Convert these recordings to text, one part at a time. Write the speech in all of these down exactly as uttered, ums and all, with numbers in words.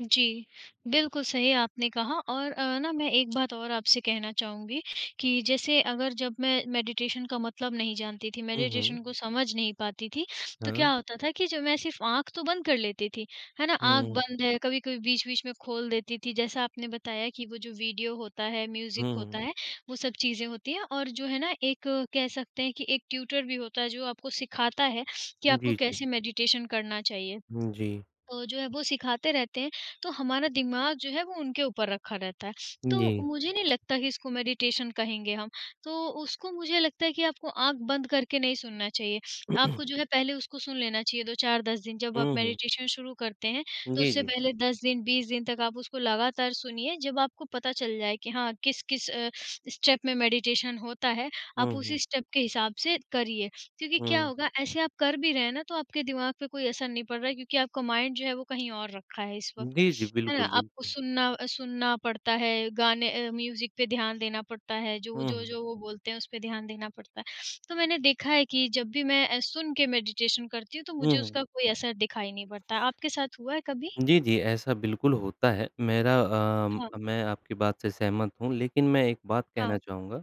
जी। बिल्कुल सही आपने कहा और अ, ना मैं एक बात और आपसे कहना चाहूँगी कि जैसे अगर जब मैं मेडिटेशन का मतलब नहीं जानती थी, हुँ, हुँ। मेडिटेशन को समझ नहीं पाती थी तो क्या हाँ। होता था कि जब मैं सिर्फ़ आँख तो बंद कर लेती थी, है ना? आँख हुँ। बंद है कभी-कभी बीच-बीच में खोल देती थी। जैसा आपने बताया कि वो जो वीडियो होता है हुँ, म्यूज़िक होता हुँ। है वो सब चीज़ें होती हैं और जो है ना एक कह सकते हैं कि एक ट्यूटर भी होता है, जो आपको सिखाता है कि आपको जी, जी। कैसे मेडिटेशन करना चाहिए? हुँ, जी। तो जो है वो सिखाते रहते हैं, तो हमारा दिमाग जो है वो उनके ऊपर रखा रहता है। तो जी। मुझे नहीं लगता कि इसको मेडिटेशन कहेंगे हम। तो उसको मुझे लगता है कि आपको आँख बंद करके नहीं सुनना चाहिए। आपको जो है पहले उसको सुन लेना चाहिए दो चार दस दिन जब आप हुँ, हुँ। मेडिटेशन शुरू करते हैं तो जी, उससे जी। पहले दस दिन, बीस दिन तक आप उसको लगातार सुनिए, जब आपको पता चल जाए कि हाँ किस-किस अ, स्टेप में मेडिटेशन होता है, हुँ, आप हुँ। उसी स्टेप के हिसाब से करिए। क्योंकि क्या हुँ। होगा ऐसे आप कर भी रहे हैं ना तो आपके दिमाग पे कोई असर नहीं पड़ रहा है क्योंकि आपका माइंड जो है वो कहीं और रखा है इस वक़्त, जी, जी। है ना? बिल्कुल, आपको बिल्कुल। सुनना सुनना पड़ता है, गाने अ, म्यूज़िक पे ध्यान देना पड़ता है, हुँ, हुँ। जो-जो-जो वो बोलते हैं, उस पे ध्यान देना पड़ता है। तो मैंने देखा है कि जब भी मैं अ, सुन के मेडिटेशन करती हूँ तो हुँ, मुझे हुँ। उसका कोई असर दिखाई नहीं पड़ता है। आपके साथ हुआ है कभी? जी, जी। ऐसा बिल्कुल होता है। मेरा अम अ, हाँ। मैं आपकी बात से सहमत हूँ लेकिन मैं एक बात कहना हाँ। चाहूँगा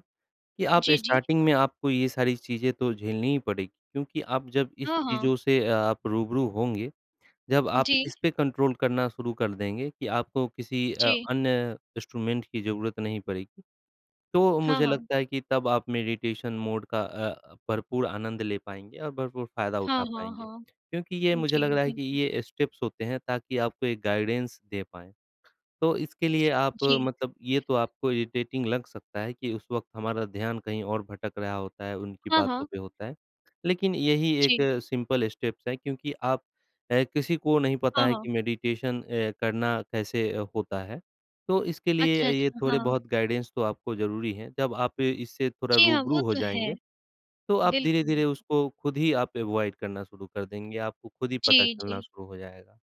कि आप जी, जी। स्टार्टिंग में आपको ये सारी चीज़ें तो झेलनी ही पड़ेगी क्योंकि आप जब इस हाँ, हाँ। चीज़ों से ये अ आप रूबरू होंगे, जब आप जी। इसपे कंट्रोल करना शुरू कर देंगे कि आपको किसी अ, जी। अन्य इंस्ट्रूमेंट की ज़रूरत नहीं पड़ेगी। तो हाँ, मुझे हाँ। लगता है कि तब आप मेडिटेशन मोड का अ, भरपूर आनंद ले पाएँगे और भरपूर फ़ायदा हाँ, उठा हाँ, पाएँगे। हाँ। क्योंकि ये मुझे लग जी रहा है कि बिल्कुल। ये स्टेप्स होते हैं ताकि आपको एक गाइडेंस दे पाएँ। तो इसके लिए आप जी। मतलब ये तो आपको इरिटेटिंग लग सकता है कि उस वक़्त हमारा ध्यान कहीं और भटक रहा होता है, उनकी हाँ, बातों हाँ। पे होता है। लेकिन यही एक जी। सिंपल स्टेप्स है, क्योंकि आप ए, किसी को नहीं पता हाँ, है कि हाँ। मेडिटेशन अ, करना कैसे अ, होता है? तो इसके अच्छा, लिए ये अच्छा। हाँ। थोड़े-बहुत गाइडेंस तो आपको ज़रूरी हैं। जब आप ए, इससे थोड़ा जी हाँ, रूबरू वो हो तो है। जाएँगे, तो आप बिल्कुल। धीरे-धीरे उसको खुद ही आप अवॉइड करना शुरू कर देंगे। आपको खुद ही पता जी, चलना जी। शुरू हो जाएगा।